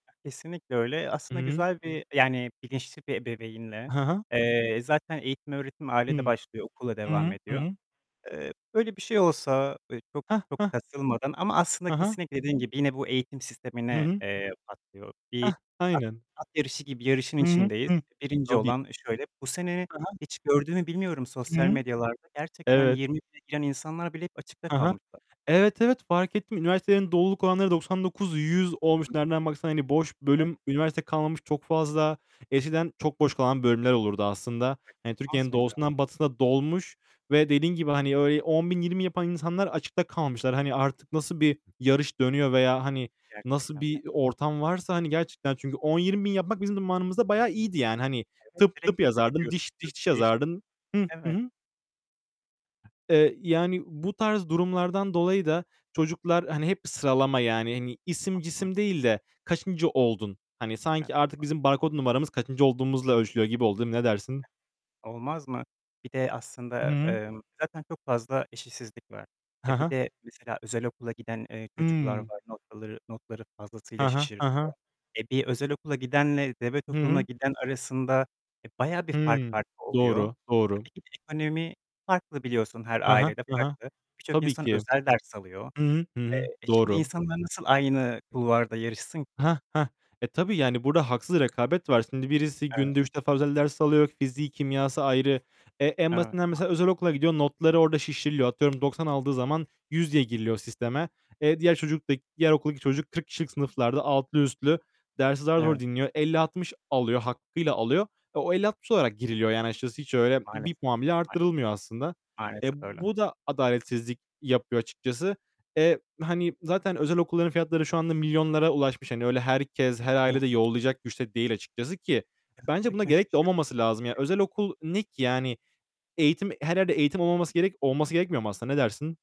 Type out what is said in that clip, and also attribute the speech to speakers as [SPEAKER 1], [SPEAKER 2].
[SPEAKER 1] Kesinlikle öyle.
[SPEAKER 2] Hı
[SPEAKER 1] Aslında
[SPEAKER 2] hı.
[SPEAKER 1] güzel bir e yani bilinçli bir ebeveynle,
[SPEAKER 2] Ha ha.
[SPEAKER 1] eee, zaten eğitim öğretim ailede
[SPEAKER 2] Hımm.
[SPEAKER 1] başlıyor, okulla
[SPEAKER 2] Hı
[SPEAKER 1] devam
[SPEAKER 2] hı. Hı
[SPEAKER 1] ediyor.
[SPEAKER 2] hı.
[SPEAKER 1] Eee, böyle bir şey olsa e çok
[SPEAKER 2] Hah,
[SPEAKER 1] e çok
[SPEAKER 2] hah.
[SPEAKER 1] [unintelligible] ama aslında
[SPEAKER 2] Ha ha.
[SPEAKER 1] kesinlikle dediğin gibi yine bu eğitim
[SPEAKER 2] Hı
[SPEAKER 1] sistemine,
[SPEAKER 2] hı.
[SPEAKER 1] eee, patlıyor. Bir
[SPEAKER 2] Hah,
[SPEAKER 1] at
[SPEAKER 2] aynen.
[SPEAKER 1] at yarışı gibi yarışın
[SPEAKER 2] Hı hı.
[SPEAKER 1] içindeyiz.
[SPEAKER 2] Hı,
[SPEAKER 1] 1.
[SPEAKER 2] tabii.
[SPEAKER 1] olan, eee, şöyle, bu sene
[SPEAKER 2] He he.
[SPEAKER 1] hiç gördün mü bilmiyorum
[SPEAKER 2] Hı
[SPEAKER 1] sosyal
[SPEAKER 2] hı.
[SPEAKER 1] medyalarda, gerçekten
[SPEAKER 2] Evet.
[SPEAKER 1] 20.000'e giren insanlar bile hep açıkta
[SPEAKER 2] Ha ha.
[SPEAKER 1] kalmışlar.
[SPEAKER 2] Evet, evet, farkettim. Üniversitelerin doluluk oranları doksan dokuz- yüz
[SPEAKER 1] Hı
[SPEAKER 2] olmuş.
[SPEAKER 1] hı.
[SPEAKER 2] Nereden baksan hani boş
[SPEAKER 1] [unintelligible]
[SPEAKER 2] bölüm, üniversite kalmamış çok fazla. Eskiden çok boş kalan bölümler olurdu aslında. Hani Türkiye'nin
[SPEAKER 1] [unintelligible]
[SPEAKER 2] doğusundan batısına dolmuş ve dediğin gibi, hani, öyle, 10.000-20 yapan insanlar açıkta kalmışlar. Hani, artık nasıl bir yarış dönüyor veya hani, nasıl
[SPEAKER 1] Gerçekten de.
[SPEAKER 2] bir ortam varsa, hani, gerçekten çünkü 10-20.000 yapmak bizim zamanımızda bayağı iyiydi yani. Hani
[SPEAKER 1] Evet,
[SPEAKER 2] tıp tıp
[SPEAKER 1] direkt tıpa
[SPEAKER 2] yazardın,
[SPEAKER 1] gidiyordun
[SPEAKER 2] diş diş diş
[SPEAKER 1] [unintelligible]
[SPEAKER 2] yazardın. Hıh, hı
[SPEAKER 1] Evet.
[SPEAKER 2] hı. Eee, yani bu tarz durumlardan dolayı da çocuklar hani hep sıralama, yani, hani isim
[SPEAKER 1] Hı hı.
[SPEAKER 2] cisim değil de kaçıncı oldun? Hani, sanki artık
[SPEAKER 1] [unintelligible]
[SPEAKER 2] bizim barkod numaramız kaçıncı olduğumuzla ölçülüyor gibi oldu, değil mi? Ne dersin?
[SPEAKER 1] Olmaz mı? Bir de
[SPEAKER 2] Hı
[SPEAKER 1] aslında,
[SPEAKER 2] hı.
[SPEAKER 1] emm, zaten çok fazla eşitsizlik var. E,
[SPEAKER 2] Ha
[SPEAKER 1] bir
[SPEAKER 2] ha.
[SPEAKER 1] de mesela özel okula giden, eee, çocuklar
[SPEAKER 2] Hımm.
[SPEAKER 1] var. Noktaları, notları fazlasıyla
[SPEAKER 2] Ha ha. Ha
[SPEAKER 1] şişiriliyor.
[SPEAKER 2] ha.
[SPEAKER 1] E, bir özel okula gidenle devlet
[SPEAKER 2] Hı
[SPEAKER 1] okuluna
[SPEAKER 2] hı.
[SPEAKER 1] giden arasında, e, bayağı bir fark
[SPEAKER 2] Hı.
[SPEAKER 1] farkı oluyor.
[SPEAKER 2] Doğru, doğru.
[SPEAKER 1] Tabii ki de ekonomi farklı biliyorsun her
[SPEAKER 2] Ha ha,
[SPEAKER 1] ailede
[SPEAKER 2] ha ha.
[SPEAKER 1] farklı. Birçok
[SPEAKER 2] Tabii
[SPEAKER 1] insan
[SPEAKER 2] ki.
[SPEAKER 1] özel ders alıyor.
[SPEAKER 2] Hı hı. Hı
[SPEAKER 1] Eee,
[SPEAKER 2] hı.
[SPEAKER 1] e, şimdi
[SPEAKER 2] Doğru.
[SPEAKER 1] insanlar nasıl aynı kulvarda yarışsın ki?
[SPEAKER 2] Hah, hah. E, tabii yani burada haksız rekabet var. Şimdi birisi
[SPEAKER 1] Evet.
[SPEAKER 2] günde 3 defa özel ders alıyor. Fiziği, kimyası ayrı. E, en
[SPEAKER 1] Evet,
[SPEAKER 2] basitinden
[SPEAKER 1] maalesef.
[SPEAKER 2] mesela özel okula gidiyor. Notları orada şişiriliyor. Atıyorum 90 aldığı
[SPEAKER 1] Hı hı.
[SPEAKER 2] zaman 100 diye giriliyor sisteme. E, diğer çocuk da, diğer okuldaki çocuk 40 kişilik sınıflarda altlı üstlü, dersi zar zor
[SPEAKER 1] Evet.
[SPEAKER 2] dinliyor. 50-60 alıyor hakkıyla alıyor. E, o 50-60 olarak giriliyor yani açıkçası. Hiç öyle 1
[SPEAKER 1] Maalesef.
[SPEAKER 2] puan bile
[SPEAKER 1] [unintelligible]
[SPEAKER 2] arttırılmıyor aslında. E,
[SPEAKER 1] Maalesef öyle.
[SPEAKER 2] bu da adaletsizlik yapıyor açıkçası. E, hani, zaten özel okulların fiyatları şu anda milyonlara ulaşmış. Hani öyle herkes, her aile
[SPEAKER 1] [unintelligible]
[SPEAKER 2] de yollayacak güç de değil açıkçası ki bence buna gerek de olmaması lazım. Ya
[SPEAKER 1] [unintelligible]
[SPEAKER 2] özel okul ne ki? Yani eğitim, her yerde eğitim olmaması gerek olması gerekmiyor mu aslında? Ne dersin?